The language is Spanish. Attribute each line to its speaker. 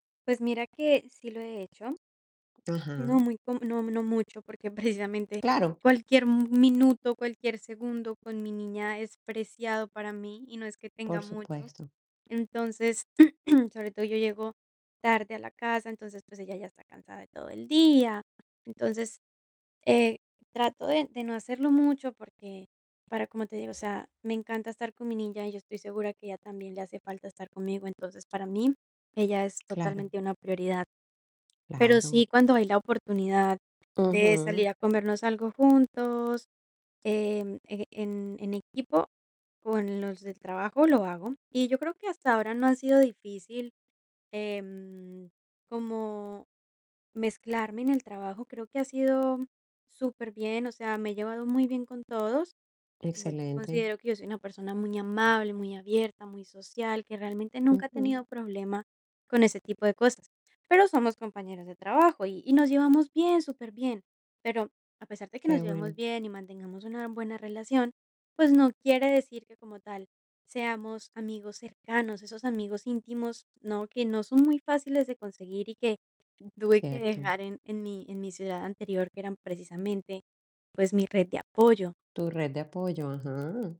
Speaker 1: Pues mira que sí lo he hecho No
Speaker 2: Ajá.
Speaker 1: muy, co no no mucho, porque, precisamente,
Speaker 2: Claro.
Speaker 1: cualquier m minuto, cualquier segundo con mi niña es preciado para mí, y no es que tenga
Speaker 2: Por
Speaker 1: mucho.
Speaker 2: supuesto.
Speaker 1: Entonces, sobre todo, yo llego tarde a la casa, entonces, pues ella ya está cansada de todo el día. Entonces, eh, trato de de no hacerlo mucho, porque para como te digo, o sea, me encanta estar con mi niña, y yo estoy segura que a ella también le hace falta estar conmigo, entonces, para mí, ella es
Speaker 2: Claro.
Speaker 1: totalmente una prioridad. Pero
Speaker 2: Claro.
Speaker 1: sí, cuando hay la oportunidad de salir
Speaker 2: Ujú.
Speaker 1: a comernos algo juntos, em, e en en equipo, con los del trabajo lo hago, y yo creo que hasta ahora no ha sido difícil, em, como mezclarme en el trabajo, creo que ha sido superbien, o sea, me he llevado muy bien con todos. Bueno,
Speaker 2: Excelente.
Speaker 1: considero que yo soy una persona muy amable, muy abierta, muy social, que realmente nunca ha
Speaker 2: Ujú.
Speaker 1: tenido problema con ese tipo de cosas, pero somos compañeros de trabajo, y y nos llevamos bien, superbien. Pero, a pesar de que
Speaker 2: Qué
Speaker 1: nos llevemos
Speaker 2: bueno.
Speaker 1: bien y mantengamos una buena relación, pues no quiere decir que, como tal, seamos amigos cercanos, esos amigos íntimos, ¿no? Que no son muy fáciles de conseguir y que tuve que
Speaker 2: Cierto.
Speaker 1: dejar en en mi en mi ciudad anterior, que eran, precisamente, pues mi red de apoyo.
Speaker 2: Tu red de apoyo, ajá.